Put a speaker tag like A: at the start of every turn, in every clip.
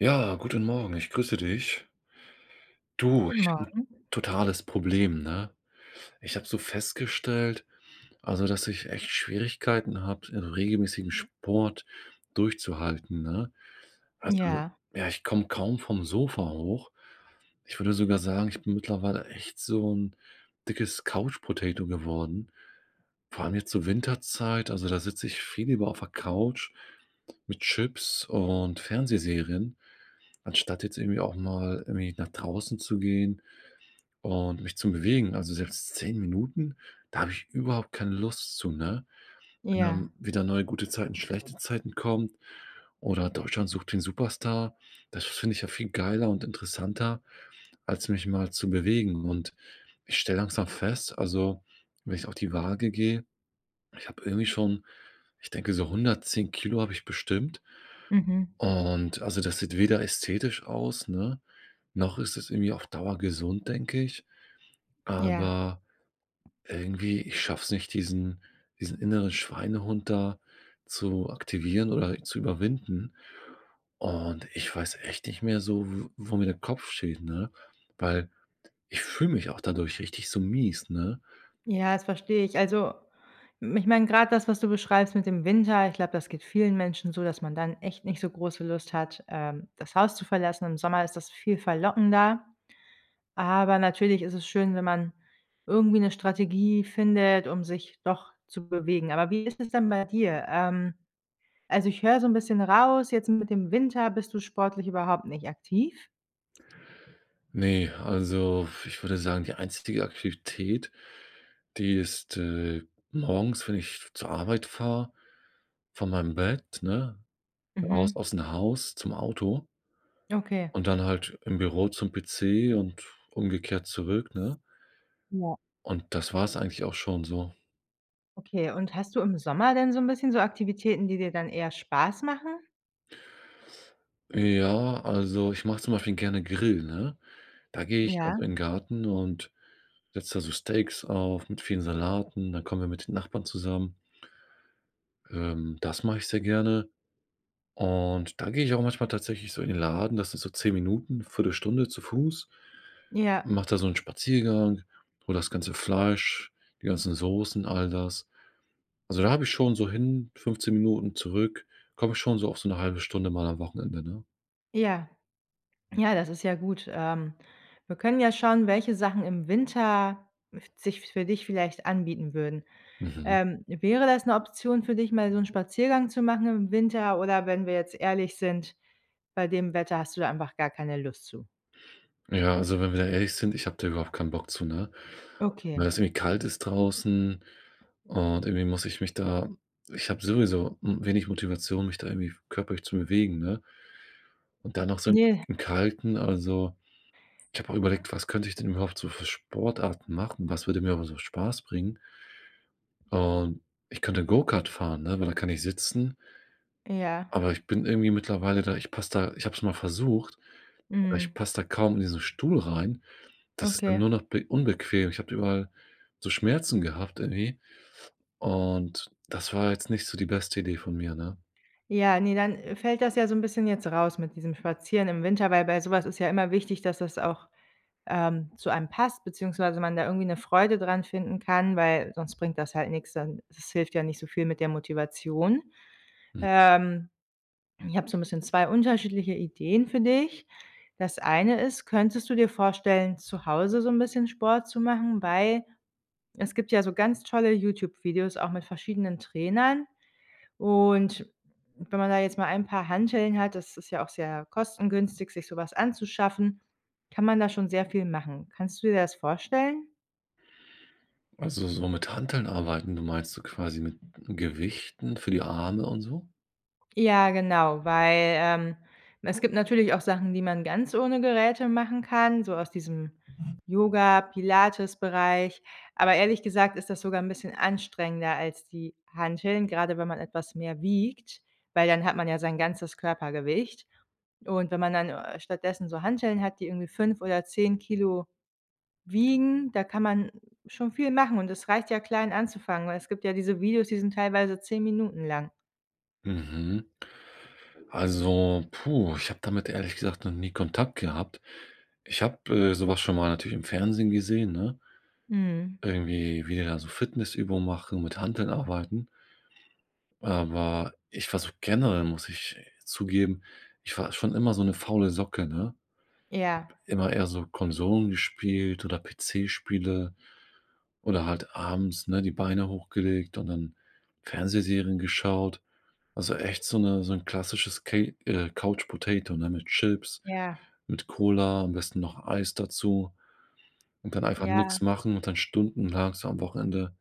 A: Ja. Guten Morgen. Ich grüße dich. Du,
B: Guten
A: ich habe
B: Morgen.
A: 'n totales Problem, ne? Ich habe so festgestellt, also, dass ich echt Schwierigkeiten habe, regelmäßigen Sport durchzuhalten, ne? Also,
B: Ja.
A: ja, ich komme kaum vom Sofa hoch. Ich würde sogar sagen, ich bin mittlerweile echt so 'n dickes Couch Potato geworden, vor allem jetzt zur Winterzeit. Also, da sitze ich viel lieber auf der Couch mit Chips und Fernsehserien, anstatt jetzt irgendwie auch mal irgendwie nach draußen zu gehen und mich zu bewegen. Also, selbst 10 Minuten, da habe ich überhaupt keine Lust zu, ne? Wenn
B: Ja.
A: dann wieder neue „Gute Zeiten, schlechte Zeiten” kommen oder „Deutschland sucht den Superstar” das finde ich ja viel geiler und interessanter, als mich mal zu bewegen. Und ich stelle langsam fest, also, wenn ich auf die Waage gehe, ich habe irgendwie schon ich denke, so 110 kg habe ich bestimmt.
B: Mhm.
A: Und also, das sieht weder ästhetisch aus, ne, noch ist es irgendwie auf Dauer gesund, denke ich.
B: Ja.
A: Aber irgendwie ich schaffe es nicht, diesen diesen inneren Schweinehund da zu aktivieren oder zu überwinden. Und ich weiß echt nicht mehr so, w wo mir der Kopf steht, ne? Weil ich fühle mich auch dadurch richtig so mies, ne?
B: Ja, das verstehe ich. Also, m ich meine, gerade das, was du beschreibst mit dem Winter, ich glaube, das geht vielen Menschen so, dass man dann echt nicht so große Lust hat, ähm, das Haus zu verlassen. Im Sommer ist das viel verlockender. Aber natürlich ist es schön, wenn man irgendwie 'ne Strategie findet, um sich doch zu bewegen. Aber wie ist es denn bei dir? Ähm, also, ich höre so 'n bisschen raus, jetzt mit dem Winter bist du sportlich überhaupt nicht aktiv?
A: Ne, also, ich würde sagen, die einstige Aktivität, die ist, äh, morgens, wenn ich zur Arbeit fahre, von meinem Bett, ne, raus
B: Mhm.
A: aus 'n Haus zum Auto
B: Okay.
A: und dann halt im Büro zum PC und umgekehrt zurück, ne?
B: Ja.
A: Und das war's eigentlich auch schon so.
B: Okay, und hast du im Sommer denn so 'n bisschen so Aktivitäten, die dir dann eher Spaß machen?
A: Ja, also, ich mache zum Beispiel gerne Grill, ne? Da gehe ich
B: Ja.
A: also in Garten und setze da so Steaks auf mit vielen Salaten, dann kommen wir mit den Nachbarn zusammen. Ähm, das mache ich sehr gerne. Und da gehe ich auch manchmal tatsächlich so in den Laden, das ist so 10 Minuten, 1/4 Stunde zu Fuß.
B: Ja.
A: Mache da so 'n Spaziergang, hole das ganze Fleisch, die ganzen Soßen, all das. Also, da habe ich schon so hin 15 Minuten, zurück komme ich schon so auf so 'ne 1/2 Stunde mal am Wochenende, ne?
B: Ja. Ja, das ist ja gut, ähm, wir können ja schauen, welche Sachen im Winter f sich für dich vielleicht anbieten würden.
A: Mhm.
B: Ähm, wäre das 'ne Option für dich mal so 'n Spaziergang zu machen im Winter, oder wenn wir jetzt ehrlich sind, bei dem Wetter hast du da einfach gar keine Lust zu?
A: Ja, also, wenn wir da ehrlich sind, ich habe da überhaupt keinen Bock zu, ne? Weil
B: Okay.
A: das irgendwie kalt ist draußen, und irgendwie muss ich mich da ich habe sowieso, hm, wenig Motivation, mich da irgendwie körperlich zu bewegen, ne? Und dann noch so im
B: Ne.
A: im Kalten also ich habe auch überlegt, was könnte ich denn überhaupt so für Sportarten machen, was würde mir einfach so Spaß bringen? Und ich könnte Go-Kart fahren, ne, weil da kann ich sitzen.
B: Ja.
A: Aber ich bin irgendwie mittlerweile da ich passe da ich habe es mal versucht, aber ich
B: Mhm.
A: passe da kaum in diesen Stuhl rein. Das ist dann
B: Okay.
A: nur noch be unbequem. Ich habe da überall so Schmerzen gehabt, irgendwie. Und das war jetzt nicht so die beste Idee von mir, ne?
B: Ja, ne, dann, äh, fällt das ja so 'n bisschen jetzt raus mit diesem Spazieren im Winter, weil bei sowas ist ja immer wichtig, dass das auch, ähm, zu einem passt beziehungsweise man da irgendwie 'ne Freude dran finden kann, weil sonst bringt das halt nix dann das hilft ja nicht so viel mit der Motivation,
A: Hm.
B: ähm. Ich habe so 'n bisschen 2 unterschiedliche Ideen für dich. Das eine ist, könntest du dir vorstellen, zu Hause so 'n bisschen Sport zu machen, weil es gibt ja so ganz tolle YouTube-Videos auch mit verschiedenen Trainern, und wenn man da jetzt mal ein paar Hanteln hat- das ist ja auch sehr kostengünstig, sich sowas anzuschaffen- kann man da schon sehr viel machen. Kannst du dir das vorstellen?
A: Also, so mit Hanteln arbeiten. Du meinst so quasi mit Gewichten für die Arme und so?
B: Ja, genau, weil, ähm, es gibt natürlich auch Sachen, die man ganz ohne Geräte machen kann, so aus diesem Yoga-Pilates-Bereich, aber ehrlich gesagt ist das sogar 'n bisschen anstrengender als die Hanteln, gerade wenn man etwas mehr wiegt, weil dann hat man ja sein ganzes Körpergewicht. Und wenn man dann, äh, stattdessen so Hanteln hat, die irgendwie 5 oder 10 Kilo wiegen, da kann man, schon viel machen und es reicht ja klein anzufangen, weil es gibt ja diese Videos, die sind teilweise 10 Minuten lang.
A: Mhm. Also, puh, ich habe damit ehrlich gesagt noch nie Kontakt gehabt. Ich habe, äh, sowas schon mal natürlich im Fernsehen gesehen, ne?
B: Mhm.
A: Irgendwie, wie die da so Fitnessübungen machen, mit Hanteln arbeiten. Aber ich war so generell muss ich zugeben. Ich war schon immer so eine faule Socke ne?
B: Ja.
A: P immer eher so Konsolen gespielt oder PC-Spiele. Oder halt abends, ne, die Beine hochgelegt und dann Fernsehserien geschaut. Also, echt so 'ne so 'n klassisches Ca äh, Couch Potato, ne, mit Chips,
B: Ja.
A: mit Cola, am besten noch Eis dazu. Und dann einfach
B: Ja.
A: nix machen und dann stundenlang so am Wochenende,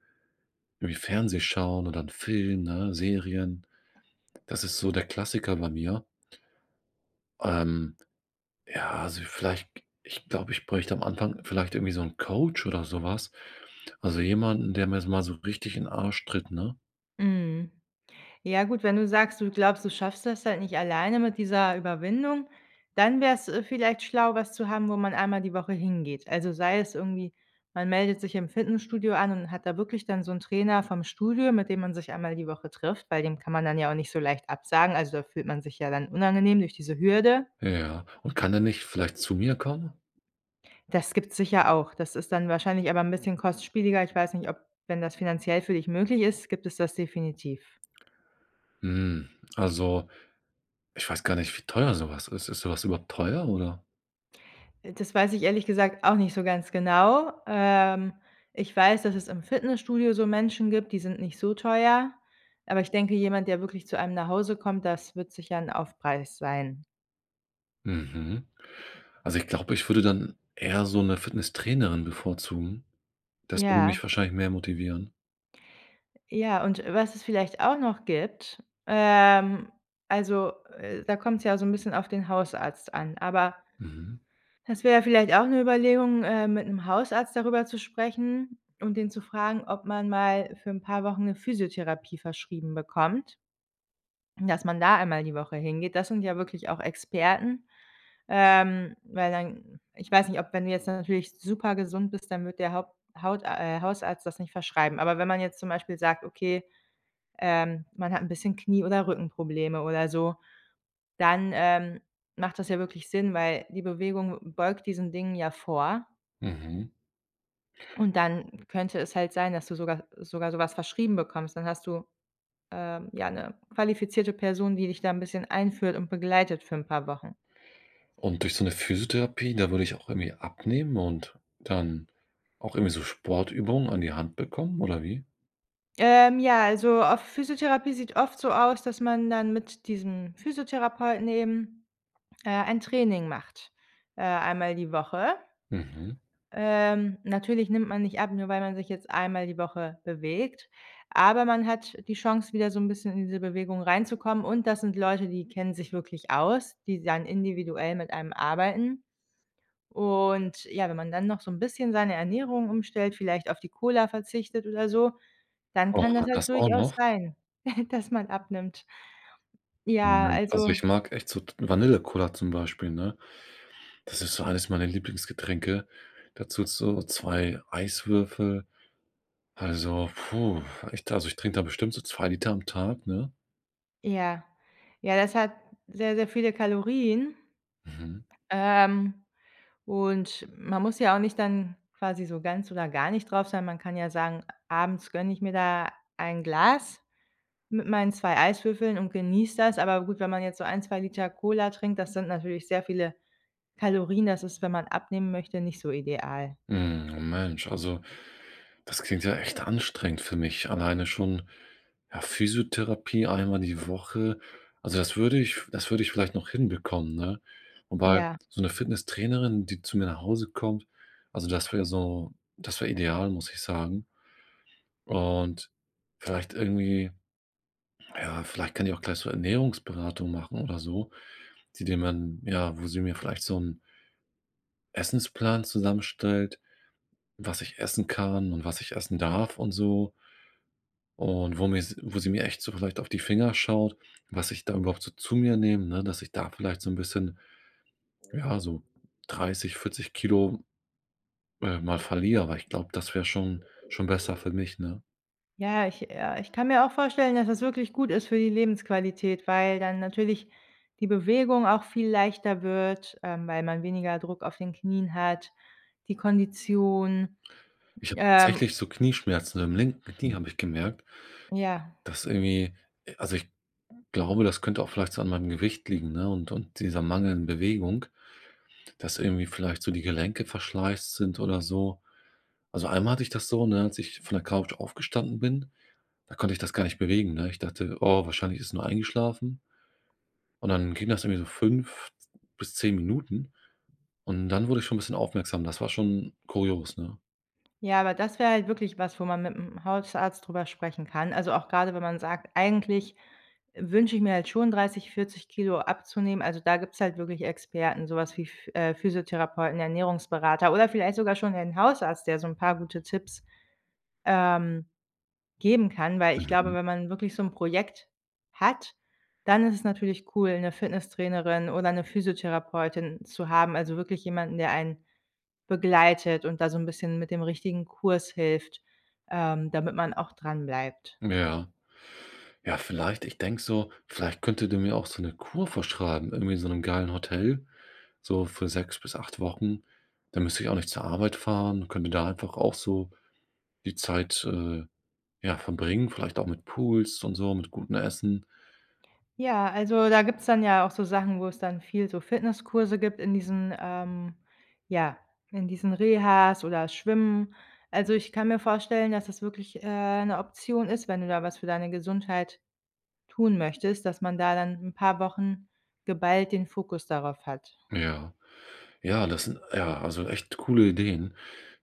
A: irgendwie Fernsehen schauen oder 'n Film, ne, Serien. Das ist so der Klassiker bei mir. Ähm, ja, also, vielleicht, k ich glaube, ich bräuchte am Anfang, vielleicht irgendwie so 'n Coach oder sowas. Also, jemanden, der mir s mal so richtig in den Arsch tritt, ne?
B: Mhm. Ja gut, wenn du sagst, du glaubst, du schaffst das halt nicht alleine mit dieser Überwindung, dann wäre es, äh, vielleicht schlau, was zu haben, wo man einmal die Woche hingeht. Also sei es irgendwie, man meldet sich im Fitnessstudio an und hat da wirklich dann so 'n Trainer vom Studio, mit dem man sich einmal die Woche trifft, weil dem kann man dann ja auch nicht so leicht absagen. Also, da fühlt man sich ja dann unangenehm durch diese Hürde.
A: Ja, und kann der nicht vielleicht zu mir kommen?
B: Das gibt's sicher auch. Das ist dann wahrscheinlich aber 'n bisschen kostspieliger. Ich weiß nicht, ob wenn das finanziell für dich möglich ist, gibt es das definitiv.
A: Hm, also ich weiß gar nicht, wie teuer sowas ist. Ist sowas überhaupt teuer, oder?
B: Äh, das weiß ich ehrlich gesagt auch nicht so ganz genau. Ähm, ich weiß, dass es im Fitnessstudio so Menschen gibt, die sind nicht so teuer, aber ich denke, jemand, der wirklich zu einem nach Hause kommt, das wird sicher 'n Aufpreis sein.
A: Mhm. Also ich glaube, ich würde dann eher so 'ne Fitnesstrainerin bevorzugen. Das würde mich
B: Ja.
A: wahrscheinlich mehr motivieren.
B: Ja, und was es vielleicht auch noch gibt, ähm, also, äh, da kommt's ja so 'n bisschen auf den Hausarzt an, aber
A: Mhm.
B: es wäre vielleicht auch 'ne Überlegung, äh, mit 'nem Hausarzt darüber zu sprechen und ihn zu fragen, ob man mal für 'n paar Wochen 'ne Physiotherapie verschrieben bekommt. Dass man da einmal die Woche hingeht. Das sind ja wirklich auch Experten. Ähm, weil dann ich weiß nicht, ob wenn du jetzt natürlich super gesund bist, dann wird der Haupt Haut äh, Hausarzt das nicht verschreiben. Aber wenn man jetzt zum Beispiel sagt: „Okay, ähm, man hat 'n bisschen Knie oder Rückenprobleme“ oder so, dann, ähm, macht das ja wirklich Sinn, weil die Bewegung beugt diesen Dingen ja vor.
A: Mhm.
B: Und dann könnte es halt sein, dass du sogar sogar sowas verschrieben bekommst. Dann hast du, äh, ja 'ne qualifizierte Person, die dich da 'n bisschen einführt und begleitet für 'n paar Wochen.
A: Und durch so 'ne Physiotherapie, da würde ich auch irgendwie abnehmen und dann auch irgendwie so Sportübungen an die Hand bekommen, oder wie?
B: Ähm, ja, also auf Physiotherapie sieht oft so aus, dass man dann mit diesem Physiotherapeuten eben, äh, ein Training macht, äh, einmal die Woche.
A: Mhm.
B: Ähm, natürlich nimmt man nicht ab, nur weil man sich jetzt einmal die Woche bewegt, aber man hat die Chance, wieder so 'n bisschen in diese Bewegung reinzukommen und das sind Leute, die kennen sich wirklich aus, die dann individuell mit einem arbeiten. Und ja, wenn man dann noch so 'n bisschen seine Ernährung umstellt, vielleicht auf die Cola verzichtet oder so, dann
A: Oh
B: kann das
A: und
B: halt
A: das auch
B: durchaus
A: noch?
B: sein, dass man abnimmt. Ja, also Ja,
A: Hm, also
B: also
A: ich mag echt so t Vanillecola zum Beispiel, ne? Das ist so eines meiner Lieblingsgetränke. Dazu so 2 Eiswürfel. Also, puh, echt da, also ich trinke da bestimmt so 2 Liter am Tag, ne?
B: Ja. Ja, das hat sehr, sehr viele Kalorien.
A: Mhm.
B: Ähm, und man muss ja auch nicht dann quasi so ganz oder gar nicht drauf sein. Man kann ja sagen, abends gönne ich mir da ein Glas mit meinen 2 Eiswürfeln und genieße das. Aber gut, wenn man jetzt so ein, 2 L Cola trinkt, das sind natürlich sehr viele Kalorien, das ist, wenn man abnehmen möchte, nicht so ideal.
A: Mhm, Mensch, also, das klingt ja echt anstrengend für mich alleine schon, ja, Physiotherapie einmal die Woche. Also, das würde ich das würde ich vielleicht noch hinbekommen, ne? Wobei
B: Ja.
A: so 'ne Fitnesstrainerin, die zu mir nach Hause kommt, also das wäre so das wäre ideal, muss ich sagen. Und vielleicht irgendwie ja, vielleicht kann die auch gleich so Ernährungsberatung machen oder so, die die man ja, wo sie mir vielleicht so 'n Essensplan zusammenstellt, was ich essen kann und was ich essen darf und so und wo mir s wo sie mir echt so vielleicht auf die Finger schaut, was ich da überhaupt so zu mir nehme, ne, dass ich da vielleicht so 'n bisschen, ja, so 30, 40 Kilogramm, äh, mal verliere, weil ich glaube, das wäre schon schon besser für mich, ne?
B: Ja, ich äh, ich kann mir auch vorstellen, dass das wirklich gut ist für die Lebensqualität, weil dann natürlich die Bewegung auch viel leichter wird, ähm, weil man weniger Druck auf den Knien hat, die Kondition,
A: Ich habe
B: ähm
A: tatsächlich so Knieschmerzen im linken Knie habe ich gemerkt.
B: Ja.
A: Das irgendwie äh, also, ich glaube, das könnte auch vielleicht so an meinem Gewicht liegen, ne, und und dieser mangelnden Bewegung. Das irgendwie vielleicht so die Gelenke verschleißt sind oder so. Also, einmal hatte ich das so, ne, als ich von der Couch aufgestanden bin, da konnte ich das gar nicht bewegen, ne? Ich dachte: „Oh, wahrscheinlich ist nur eingeschlafen.” Und dann ging das irgendwie so 5 z bis 10 Minuten und dann wurde ich schon ‘n bisschen aufmerksam. Das war schon kurios, ne?
B: Ja, aber das wäre halt wirklich was, wo man mit ’m Hausarzt drüber sprechen kann. Also, auch grade, wenn man sagt: „Eigentlich wünsche ich mir halt schon 30, 40 Kilogramm abzunehmen“, also, da gibt's halt wirklich Experten, sowas wie Ph äh, Physiotherapeuten, Ernährungsberater oder vielleicht sogar schon den Hausarzt, der so ’n paar gute Tipps, ähm, geben kann, weil ich glaube,
A: Mhm.
B: wenn man wirklich so ’n Projekt hat, dann ist es natürlich cool, ’ne Fitnesstrainerin oder ’ne Physiotherapeutin zu haben, also wirklich jemanden, der einen begleitet und da so ’n bisschen mit dem richtigen Kurs hilft, ähm, damit man auch dranbleibt.
A: Ja. Ja, vielleicht. Ich denke so, vielleicht könnte der mir auch so ’ne Kur vorschreiben, irgendwie in so ’nem geilen Hotel, so für 6 bis 8 Wochen. Da müsste ich auch nicht zur Arbeit fahren. Könnte da einfach auch so die Zeit, äh, ja, verbringen, vielleicht auch mit Pools und so, mit gutem Essen.
B: Ja, also, da gibt's dann ja auch so Sachen, wo es dann viel so Fitnesskurse gibt in diesen ähm, ja, in diesen Rehas oder Schwimmen. Also, ich kann mir vorstellen, dass das wirklich, äh, ’ne Option ist, wenn du da was für deine Gesundheit tun möchtest, dass man da dann ’n paar Wochen geballt den Fokus darauf hat.
A: Ja. Ja, das sind ja, also echt coole Ideen.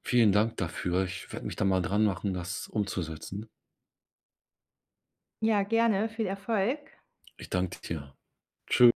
A: Vielen Dank dafür. Ich werde mich da mal dran machen, das umzusetzen.
B: Ja, gerne. Viel Erfolg.
A: Ich danke dir. Tschü